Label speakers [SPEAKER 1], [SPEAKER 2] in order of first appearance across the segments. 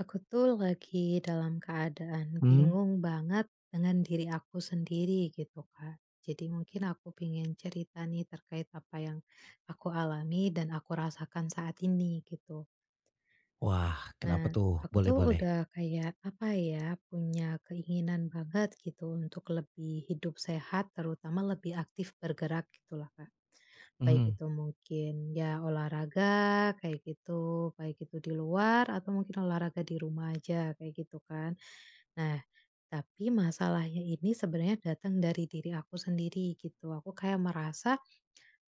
[SPEAKER 1] Aku tuh, lagi dalam keadaan
[SPEAKER 2] Hmm.
[SPEAKER 1] bingung banget dengan diri aku sendiri gitu, Kak. Jadi mungkin aku pengen cerita nih, terkait apa yang aku alami dan aku rasakan saat ini, gitu.
[SPEAKER 2] Wah. Kenapa,
[SPEAKER 1] Nah,
[SPEAKER 2] tuh?
[SPEAKER 1] aku
[SPEAKER 2] Boleh
[SPEAKER 1] tuh
[SPEAKER 2] boleh.
[SPEAKER 1] udah kayak, apa ya, punya keinginan banget, gitu, untuk lebih hidup sehat, terutama lebih aktif bergerak gitu loh, Kak. Baik
[SPEAKER 2] Mhm.
[SPEAKER 1] itu mungkin, ya olahraga, kayak gitu, baik itu di luar atau mungkin olahraga di rumah aja, kayak gitu, kan. Nah, tapi masalahnya ini sebenarnya datang dari diri aku sendiri, gitu. Aku kayak merasa,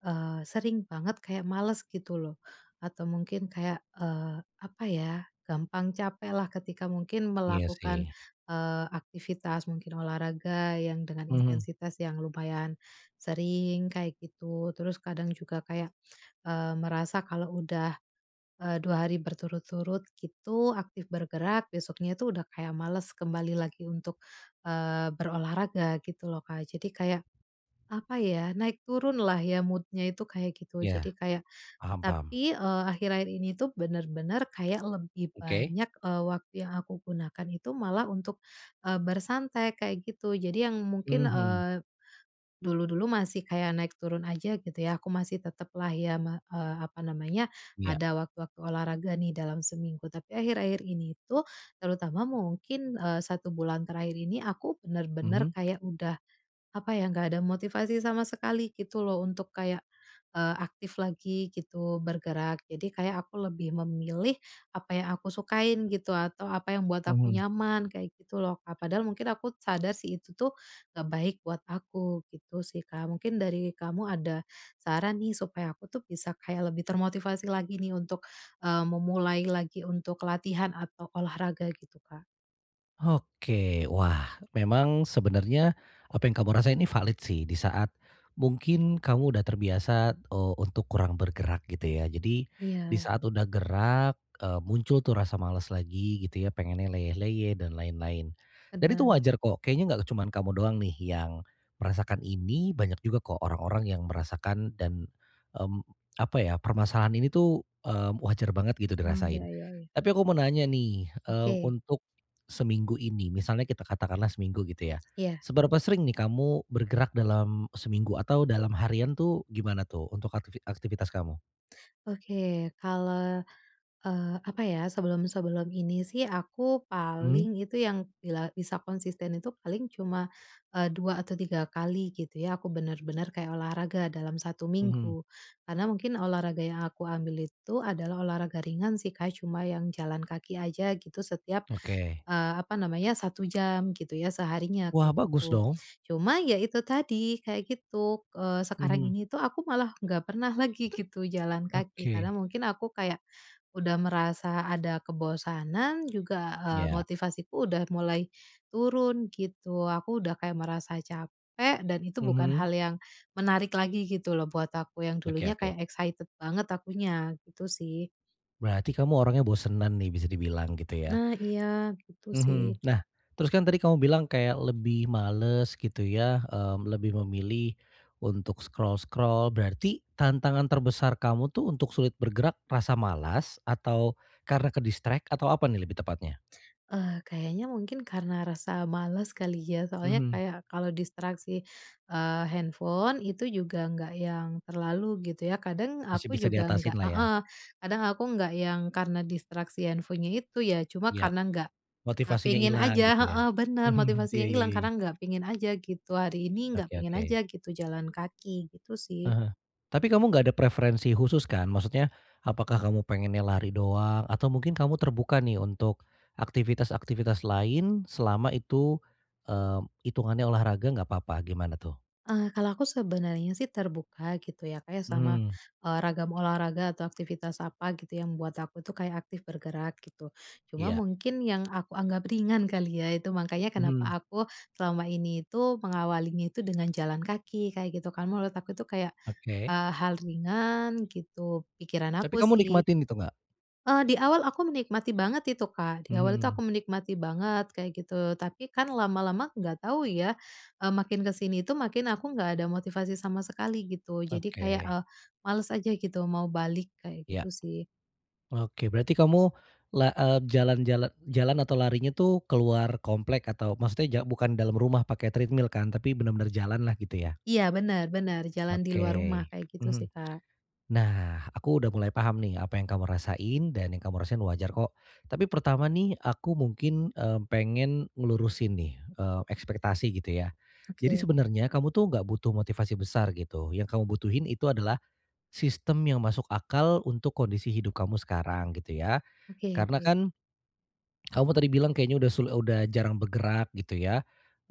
[SPEAKER 1] eee, sering banget kayak males, gitu loh. Atau mungkin kayak, eee, apa ya, gampang capeklah ketika mungkin
[SPEAKER 2] Iya,
[SPEAKER 1] melakukan,
[SPEAKER 2] sih.
[SPEAKER 1] eee, aktivitas mungkin olahraga, yang dengan
[SPEAKER 2] Mhm.
[SPEAKER 1] intensitas yang lumayan sering, kayak gitu. Terus kadang juga kayak, eee, merasa kalau udah, eee, 2 hari berturut-turut gitu aktif bergerak, besoknya itu udah kayak males kembali lagi untuk, eee, berolahraga gitu loh, Kak. Jadi kayak, apa ya, naik turunlah ya mood-nya itu, kayak gitu. Jadi
[SPEAKER 2] Iya.
[SPEAKER 1] kayak
[SPEAKER 2] Paham paham.
[SPEAKER 1] tapi, eee, akhir-akhir ini tuh bener-bener kayak lebih
[SPEAKER 2] Oke.
[SPEAKER 1] banyak, eee, waktu yang aku gunakan itu malah untuk, eee, bersantai, kayak gitu. Jadi yang mungkin,
[SPEAKER 2] Mhm.
[SPEAKER 1] eee, dulu-dulu masih kayak naik turun aja gitu ya, aku masih tetaplah ya me apa namanya,
[SPEAKER 2] Iya.
[SPEAKER 1] ada waktu-waktu olahraga nih, dalam seminggu. Tapi akhir-akhir ini tuh, terutama mungkin, eee, 1 bulan terakhir ini, aku bener-bener
[SPEAKER 2] Mhm.
[SPEAKER 1] kayak udah, apa ya, nggak ada motivasi sama sekali, gitu loh, untuk kayak, eee, aktif lagi gitu, bergerak. Jadi kayak aku lebih memilih apa yang aku sukain gitu, atau apa yang buat aku
[SPEAKER 2] Mhm.
[SPEAKER 1] nyaman, kayak gitu loh, Kak. Padahal mungkin aku sadar sih, itu tuh nggak baik buat aku, gitu sih, Kak. Mungkin dari kamu ada saran nih, supaya aku tuh bisa kayak lebih termotivasi lagi nih, untuk, eee, memulai lagi untuk latihan atau olahraga gitu, Kak?
[SPEAKER 2] Oke. Wah, memang, sebenarnya apa yang kamu rasain ini valid sih. Di saat mungkin kamu udah terbiasa, eee, untuk kurang bergerak gitu ya. Jadi, di
[SPEAKER 1] Iya.
[SPEAKER 2] saat udah gerak, eee, muncul tuh rasa males lagi gitu ya, pengennya leyeh-leyeh dan lain-lain, dan itu
[SPEAKER 1] Bener.
[SPEAKER 2] wajar kok. Kayaknya enggak cuma kamu doang nih yang merasakan ini. Banyak juga kok orang-orang yang merasakan dan, mmm, apa ya, permasalahan ini tuh, mmm, wajar banget gitu
[SPEAKER 1] Oh. Iya
[SPEAKER 2] dirasain.
[SPEAKER 1] iya iya.
[SPEAKER 2] Tapi aku mau nanya nih, eee,
[SPEAKER 1] Oke.
[SPEAKER 2] untuk seminggu ini, misalnya kita katakanlah seminggu gitu ya.
[SPEAKER 1] Iya.
[SPEAKER 2] Seberapa sering nih kamu bergerak dalam seminggu atau dalam harian tuh gimana tuh untuk aktivi aktivitas kamu?
[SPEAKER 1] Oke. Kalau, eee, apa ya, sebelum-sebelum ini sih aku
[SPEAKER 2] Mmm.
[SPEAKER 1] paling itu yang bila bisa konsisten itu paling cuma, eee, 2 atau 3 kali gitu ya. Aku bener-bener kayak olahraga dalam 1
[SPEAKER 2] Mhm.
[SPEAKER 1] minggu. Karena mungkin olahraga yang aku ambil itu adalah olahraga ringan sih, Kak, cuma yang jalan kaki aja gitu setiap,
[SPEAKER 2] Oke.
[SPEAKER 1] eee, apa namanya, 1 jam gitu ya seharinya,
[SPEAKER 2] Wah,
[SPEAKER 1] kayak
[SPEAKER 2] bagus
[SPEAKER 1] gitu.
[SPEAKER 2] dong.
[SPEAKER 1] Cuma ya itu tadi kayak gitu, eee, sekarang
[SPEAKER 2] Mhm.
[SPEAKER 1] ini tuh aku malah nggak pernah lagi gitu jalan kaki, karena
[SPEAKER 2] Oke.
[SPEAKER 1] mungkin aku kayak udah merasa ada kebosanan juga, eee,
[SPEAKER 2] Ya.
[SPEAKER 1] motivasiku udah mulai turun gitu. Aku udah kayak merasa capek dan itu bukan
[SPEAKER 2] Mhm.
[SPEAKER 1] hal yang menarik lagi gitu loh buat aku, yang
[SPEAKER 2] Oke
[SPEAKER 1] dulunya
[SPEAKER 2] oke.
[SPEAKER 1] kayak excited banget akunya, gitu sih.
[SPEAKER 2] Berarti kamu orangnya bosenan nih bisa dibilang gitu ya,
[SPEAKER 1] Nah iya, gitu sih.
[SPEAKER 2] mhm, nah terus kan tadi kamu bilang kayak lebih males gitu ya, mmm, lebih memilih, untuk scroll-scroll berarti tantangan terbesar kamu tuh untuk sulit bergerak rasa malas atau karena ke-distract atau apa nih lebih tepatnya?
[SPEAKER 1] Ah, kayaknya mungkin karena rasa males kali ya soalnya
[SPEAKER 2] Mhm.
[SPEAKER 1] kayak kalau distraksi, eee, handphone itu juga nggak yang terlalu gitu ya kadang
[SPEAKER 2] Masih
[SPEAKER 1] aku
[SPEAKER 2] bisa
[SPEAKER 1] juga nggak
[SPEAKER 2] diatasinlah ya.
[SPEAKER 1] heeh, kadang aku nggak yang karena distraksi handphonenya itu ya cuma
[SPEAKER 2] Ya.
[SPEAKER 1] karena nggak
[SPEAKER 2] Motivasinya
[SPEAKER 1] pengen
[SPEAKER 2] hilang
[SPEAKER 1] aja
[SPEAKER 2] gitu ya,
[SPEAKER 1] heeh, bener
[SPEAKER 2] mhm, iya
[SPEAKER 1] motivasinya
[SPEAKER 2] ya
[SPEAKER 1] hilang
[SPEAKER 2] ya.
[SPEAKER 1] karena nggak pengen aja gitu hari ini nggak
[SPEAKER 2] Oke
[SPEAKER 1] pengen aja
[SPEAKER 2] oke.
[SPEAKER 1] gitu jalan kaki gitu sih.
[SPEAKER 2] Heeh, tapi kamu enggak ada preferensi khusus kan? Maksudnya apakah kamu pengennya lari doang? Atau mungkin kamu terbuka nih untuk, aktivitas-aktivitas lain selama itu, mmm, hitungannya olahraga enggak apa-apa gimana tuh?
[SPEAKER 1] Eee, kalau aku sebenarnya sih terbuka gitu ya kayak sama,
[SPEAKER 2] Mmm.
[SPEAKER 1] eee, ragam olahraga atau aktivitas apa gitu yang membuat aku itu kayak aktif bergerak gitu, cuma
[SPEAKER 2] Iya.
[SPEAKER 1] mungkin yang aku anggap ringan kali ya itu makanya kenapa
[SPEAKER 2] Mhm.
[SPEAKER 1] aku selama ini itu mengawalinya itu dengan jalan kaki kayak gitu kan menurut aku itu kayak,
[SPEAKER 2] Oke.
[SPEAKER 1] eee, hal ringan gitu pikiran
[SPEAKER 2] Tapi
[SPEAKER 1] aku
[SPEAKER 2] kamu
[SPEAKER 1] sih.
[SPEAKER 2] nikmatin gitu enggak?
[SPEAKER 1] Eee, di awal aku menikmati banget itu Kak di awal itu
[SPEAKER 2] Mhm.
[SPEAKER 1] aku menikmati banget kayak gitu tapi kan lama-lama nggak tahu ya, eee, makin ke sini itu makin aku nggak ada motivasi sama sekali gitu jadi kayak,
[SPEAKER 2] Oke.
[SPEAKER 1] eee, males aja gitu mau balik kayak
[SPEAKER 2] Ya.
[SPEAKER 1] gitu sih.
[SPEAKER 2] Oke berarti kamu la eee, jalan-jalan jalan atau larinya itu keluar komplek atau maksudnya ja bukan dalam rumah pakai treadmill kan? Tapi benar-benar jalanlah gitu ya.
[SPEAKER 1] Iya bener bener jalan di luar rumah
[SPEAKER 2] Oke,
[SPEAKER 1] kayak gitu sih
[SPEAKER 2] mhm,
[SPEAKER 1] Kak.
[SPEAKER 2] nah aku udah mulai paham nih apa yang kamu rasain dan yang kamu rasain wajar kok, tapi pertama nih aku mungkin, eee, pengen ngelurusin nih, eee, ekspektasi gitu ya, jadi
[SPEAKER 1] Oke.
[SPEAKER 2] sebenarnya kamu tuh enggak butuh motivasi besar gitu yang kamu butuhin itu adalah, sistem yang masuk akal untuk kondisi hidup kamu sekarang gitu ya,
[SPEAKER 1] Oke
[SPEAKER 2] karena
[SPEAKER 1] oke.
[SPEAKER 2] kan. Kamu tadi bilang kayaknya udah sul udah jarang bergerak gitu ya,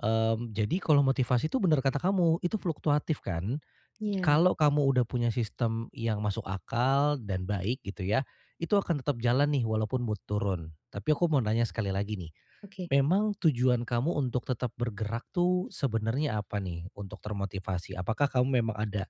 [SPEAKER 2] mmm, jadi kalau motivasi itu bener kata kamu itu fluktuatif kan,
[SPEAKER 1] Iya.
[SPEAKER 2] kalau kamu udah punya sistem yang masuk akal dan baik gitu ya, itu akan tetap jalan nih walaupun mood turun tapi aku mau nanya sekali lagi nih.
[SPEAKER 1] Oke.
[SPEAKER 2] Memang tujuan kamu untuk tetap bergerak tuh sebenarnya apa nih untuk termotivasi? Apakah kamu memang ada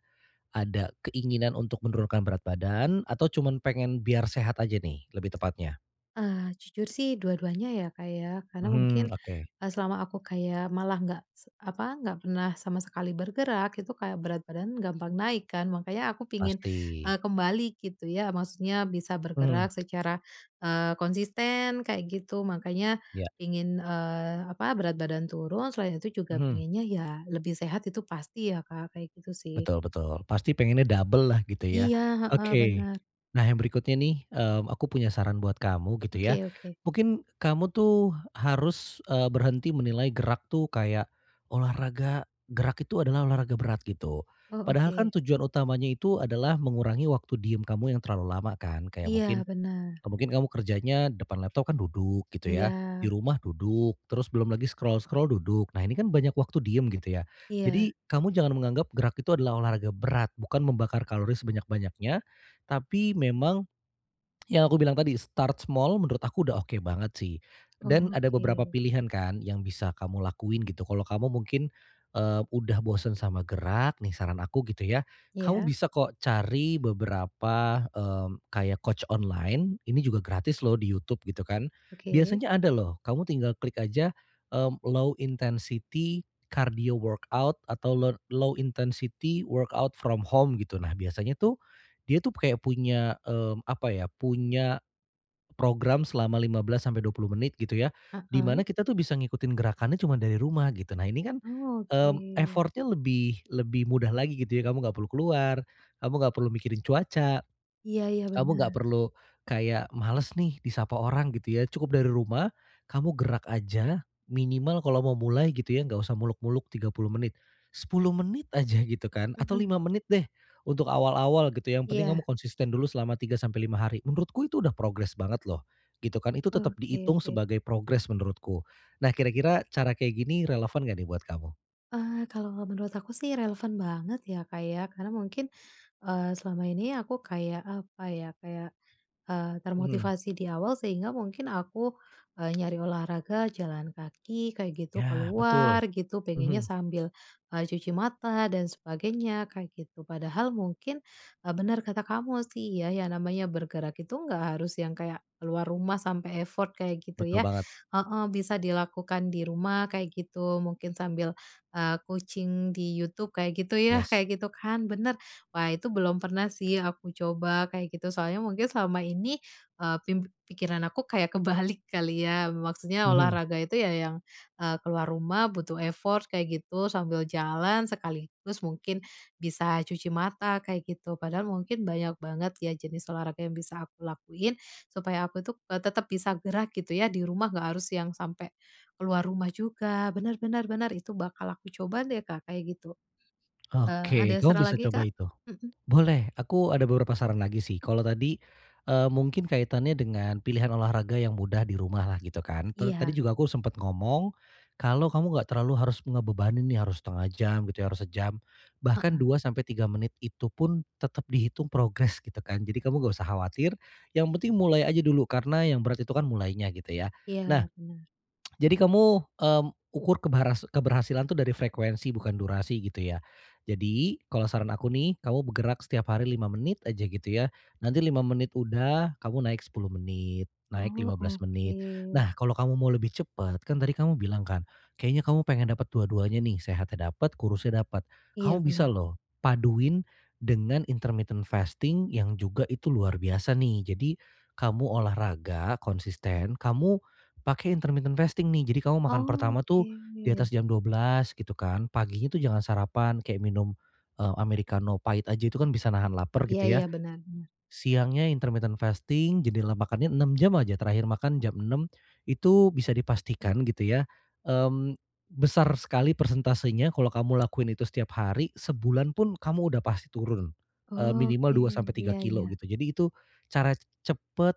[SPEAKER 2] ada keinginan untuk menurunkan berat badan atau cuman pengen biar sehat aja nih lebih tepatnya.
[SPEAKER 1] Eee, jujur sih dua-duanya ya Kak ya karena mungkin,
[SPEAKER 2] Mhm, oke.
[SPEAKER 1] eee, selama aku kayak malah nggak se apa nggak pernah sama sekali bergerak itu kayak berat badan gampang naik kan makanya aku pengen,
[SPEAKER 2] Pasti.
[SPEAKER 1] eee, kembali gitu ya maksudnya bisa
[SPEAKER 2] Mhm.
[SPEAKER 1] bergerak secara, eee, konsisten kayak gitu makanya
[SPEAKER 2] Ya.
[SPEAKER 1] pengen, eee, apa berat badan turun selain itu juga
[SPEAKER 2] Mhm.
[SPEAKER 1] pengennya ya lebih sehat itu pasti ya Kak kayak gitu sih.
[SPEAKER 2] Betul betul pasti pengennya dobellah gitu ya,
[SPEAKER 1] Iya, heeh,
[SPEAKER 2] oke,
[SPEAKER 1] bener.
[SPEAKER 2] nah yang berikutnya nih, eee, aku punya saran buat kamu gitu ya,
[SPEAKER 1] Oke oke.
[SPEAKER 2] mungkin kamu tuh harus, eee, berhenti menilai gerak tuh kayak olahraga gerak itu adalah olahraga berat gitu,
[SPEAKER 1] Oh
[SPEAKER 2] padahal
[SPEAKER 1] oke.
[SPEAKER 2] kan tujuan utamanya itu adalah mengurangi waktu diem kamu yang terlalu lama kan? Kayak
[SPEAKER 1] Iya
[SPEAKER 2] mungkin,
[SPEAKER 1] bener.
[SPEAKER 2] mungkin kamu kerjanya depan laptop kan duduk gitu ya, di
[SPEAKER 1] Iya.
[SPEAKER 2] rumah duduk terus belum lagi scroll-scroll duduk nah ini kan banyak waktu diam gitu ya,
[SPEAKER 1] Iya.
[SPEAKER 2] jadi kamu jangan menganggap gerak itu adalah olahraga berat bukan membakar kalori sebanyak-banyaknya, tapi memang. Yang aku bilang tadi start small menurut aku udah oke banget sih, dan ada beberapa
[SPEAKER 1] Oke.
[SPEAKER 2] pilihan kan yang bisa kamu lakuin gitu kalau kamu mungkin, eee, udah bosen sama gerak nih saran aku gitu ya, kamu
[SPEAKER 1] Ya.
[SPEAKER 2] bisa kok cari beberapa, mmm, kayak coach online ini juga gratis loh di YouTube gitu kan
[SPEAKER 1] Oke.
[SPEAKER 2] biasanya ada loh kamu tinggal klik aja, eee, low intensity, cardio workout atau row low intensity workout from home gitu nah biasanya tuh, dia tuh kayak punya, mmm, apa ya punya. Program selama 15 sampai 20 menit gitu ya, di mana
[SPEAKER 1] Heeh.
[SPEAKER 2] kita tuh bisa ngikutin gerakannya cuma dari rumah gitu nah ini kan,
[SPEAKER 1] Oh
[SPEAKER 2] mmm,
[SPEAKER 1] oke.
[SPEAKER 2] effort-nya lebih lebih mudah lagi gitu ya kamu enggak perlu keluar, kamu enggak perlu mikirin cuaca.
[SPEAKER 1] Iya iya
[SPEAKER 2] Kamu enggak
[SPEAKER 1] bener.
[SPEAKER 2] perlu kayak males nih disapa orang gitu ya cukup dari rumah, kamu gerak aja minimal kalau mau mulai gitu ya enggak usah muluk-muluk 30 menit, 10 menit aja gitu kan atau
[SPEAKER 1] Mhm.
[SPEAKER 2] 5 menit deh, untuk awal-awal gitu yang penting kamu
[SPEAKER 1] Iya.
[SPEAKER 2] konsisten dulu selama 3 sampai 5 hari menurutku itu udah progres banget loh, gitu kan Itu tetap
[SPEAKER 1] Oke
[SPEAKER 2] dihitung
[SPEAKER 1] oke.
[SPEAKER 2] sebagai progres menurutku, nah kira-kira cara kayak gini relevan enggak nih buat kamu?
[SPEAKER 1] Eee, kalau menurut aku sih relevan banget ya, Kak, ya karena mungkin, eee, selama ini aku kayak, apa ya, kayak, eee,
[SPEAKER 2] Mhm.
[SPEAKER 1] termotivasi di awal sehingga mungkin aku, eee, nyari olahraga jalan kaki kayak gitu, ke
[SPEAKER 2] Ya, betul.
[SPEAKER 1] luar gitu, pengennya
[SPEAKER 2] Mhm.
[SPEAKER 1] sambil, eee, cuci mata dan sebagainya kayak gitu. Padahal mungkin, eee, bener kata kamu sih ya, ya namanya bergerak itu nggak harus yang kayak ke luar rumah sampai effort kayak gitu
[SPEAKER 2] Betul
[SPEAKER 1] ya.
[SPEAKER 2] banget.
[SPEAKER 1] Heeh, bisa dilakukan di rumah kayak gitu. Mungkin sambil, eee, kucing di YouTube, kayak gitu ya
[SPEAKER 2] Yes.
[SPEAKER 1] kayak gitu kan, bener. Wah, itu belum pernah sih aku coba kayak gitu, soalnya mungkin selama ini, eee, pim pikiran aku kayak kebalik kali ya. Maksudnya
[SPEAKER 2] Mhm.
[SPEAKER 1] olahraga itu ya yang, eee, ke luar rumah, butuh effort kayak gitu, sambil jalan sekaligus mungkin bisa cuci mata kayak gitu. Padahal mungkin banyak banget ya jenis olahraga yang bisa aku lakuin supaya aku itu, eee, tetap bisa gerak gitu ya di rumah, nggak harus yang sampai ke luar rumah juga. Bener bener bener, itu bakal aku coba deh, Kak, kayak gitu. Eee, ada
[SPEAKER 2] Oke, kamu
[SPEAKER 1] saran
[SPEAKER 2] bisa
[SPEAKER 1] lagi,
[SPEAKER 2] coba
[SPEAKER 1] Kak?
[SPEAKER 2] itu.
[SPEAKER 1] Mhm.
[SPEAKER 2] Boleh, aku ada beberapa saran lagi sih. Kalau tadi, eee, mungkin kaitannya dengan pilihan olahraga yang mudah di rumahlah gitu kan. Ta tadi
[SPEAKER 1] Iya.
[SPEAKER 2] juga aku sempet ngomong kalau kamu enggak terlalu harus ngebebanin nih, harus 1/2 jam, gitu ya, harus sejam, bahkan
[SPEAKER 1] Heeh.
[SPEAKER 2] 2 sampai 3 menit itu pun tetep dihitung progres gitu kan. Jadi kamu enggak usah khawatir yang penting mulai aja dulu karena yang berat itu kan mulainya gitu ya. Nah,
[SPEAKER 1] Iya bener.
[SPEAKER 2] jadi kamu, eee, ukur kebaras keberhasilan itu dari frekuensi bukan durasi gitu ya. Jadi kalau saran aku nih kamu bergerak setiap hari 5 menit aja gitu ya. Nanti 5 menit udah, kamu naik 10 menit, naik lima
[SPEAKER 1] Oh,
[SPEAKER 2] belas menit.
[SPEAKER 1] oke.
[SPEAKER 2] Nah, kalau kamu mau lebih cepet, kan tadi kamu bilang kan kayaknya kamu pengen dapet dua-duanya nih, sehatnya dapet kurusnya dapet.
[SPEAKER 1] Iya
[SPEAKER 2] Kamu
[SPEAKER 1] bener.
[SPEAKER 2] bisa loh paduin dengan intermittent fasting yang juga itu luar biasa nih. Jadi kamu olahraga konsisten, kamu pakai intermittent fasting nih. Jadi kamu makan pertama tuh
[SPEAKER 1] Oke.
[SPEAKER 2] di atas jam 12.00 gitu kan. Paginya tuh jangan sarapan kayak minum, eee, amerikano pait aja, itu kan bisa nahan laper
[SPEAKER 1] Iya
[SPEAKER 2] gitu
[SPEAKER 1] iya,
[SPEAKER 2] ya.
[SPEAKER 1] bener bener.
[SPEAKER 2] Siangnya intermittent fasting, jendela makannya 6 jam aja. Terakhir makan jam 6.00 itu bisa dipastikan gitu ya, mmm, besar sekali persentasenya kalau kamu lakuin itu setiap hari, sebulan pun kamu udah pasti turun, eee, minimal
[SPEAKER 1] Oke,
[SPEAKER 2] dua sampai tiga
[SPEAKER 1] iya
[SPEAKER 2] kilo
[SPEAKER 1] iya.
[SPEAKER 2] gitu. Jadi itu cara cepet,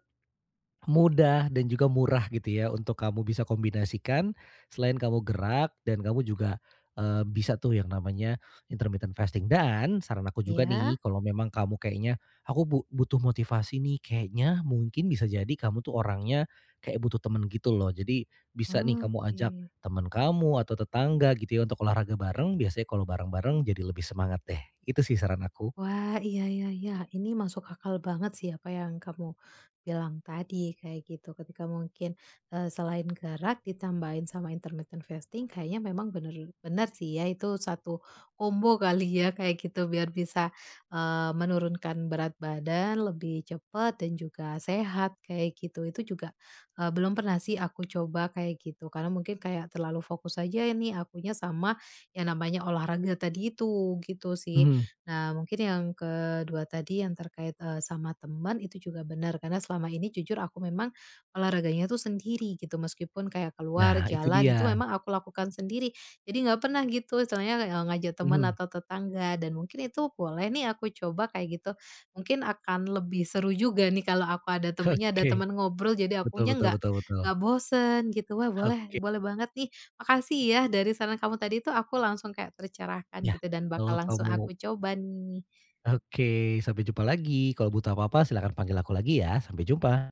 [SPEAKER 2] mudah, dan juga murah, gitu ya, untuk kamu bisa kombinasikan selain kamu gerak dan kamu juga, eee, bisa tuh yang namanya intermittent fasting. Dan saran aku juga
[SPEAKER 1] Iya.
[SPEAKER 2] nih kalau memang kamu kayaknya, "Aku bu butuh motivasi nih." kayaknya mungkin bisa jadi kamu tuh orangnya kayak butuh temen gitu loh. Jadi bisa nih kamu ajak
[SPEAKER 1] Oke.
[SPEAKER 2] temen kamu atau tetangga, gitu ya, untuk olahraga bareng. Biasanya kalau bareng-bareng jadi lebih semangat deh. Itu sih saran aku.
[SPEAKER 1] Wah, iya iya iya. Ini masuk akal banget sih apa yang kamu bilang tadi kayak gitu. Ketika mungkin, eee, selain gerak ditambahin sama intermittent fasting, kayaknya memang bener bener sih ya itu satu kombo kali ya kayak gitu, biar bisa, eee, menurunkan berat badan lebih cepet dan juga sehat kayak gitu. Itu juga, eee, belum pernah sih aku coba kayak gitu. Karena mungkin kayak terlalu fokus aja ini akunya sama yang namanya olahraga tadi itu, gitu sih.
[SPEAKER 2] Mhm.
[SPEAKER 1] Nah, mungkin yang ke-2 tadi yang terkait, eee, sama teman itu juga bener. Karena selama ini jujur aku memang olahraganya itu sendiri gitu. Meskipun kayak ke luar
[SPEAKER 2] Nah, itu
[SPEAKER 1] jalan itu
[SPEAKER 2] dia.
[SPEAKER 1] memang aku lakukan sendiri. Jadi enggak pernah gitu istilahnya le e ngajak teman
[SPEAKER 2] Mhm.
[SPEAKER 1] atau tetangga dan mungkin itu boleh nih aku coba kayak gitu. Mungkin akan lebih seru juga nih kalau aku ada temennya, ada
[SPEAKER 2] Oke.
[SPEAKER 1] teman ngobrol, jadi
[SPEAKER 2] Betul
[SPEAKER 1] akunya
[SPEAKER 2] betul
[SPEAKER 1] enggak
[SPEAKER 2] betul
[SPEAKER 1] enggak
[SPEAKER 2] betul.
[SPEAKER 1] bosan gitu. Wah, boleh,
[SPEAKER 2] Oke.
[SPEAKER 1] boleh banget nih. Makasih ya dari saran kamu tadi tuh aku langsung kayak tercerahkan
[SPEAKER 2] Ya.
[SPEAKER 1] gitu, dan bakal
[SPEAKER 2] Kalau
[SPEAKER 1] langsung
[SPEAKER 2] kamu
[SPEAKER 1] aku coba nih.
[SPEAKER 2] Oke. Sampai jumpa lagi. Kalau butuh apa-apa, silahkan panggil aku lagi ya. Sampai jumpa.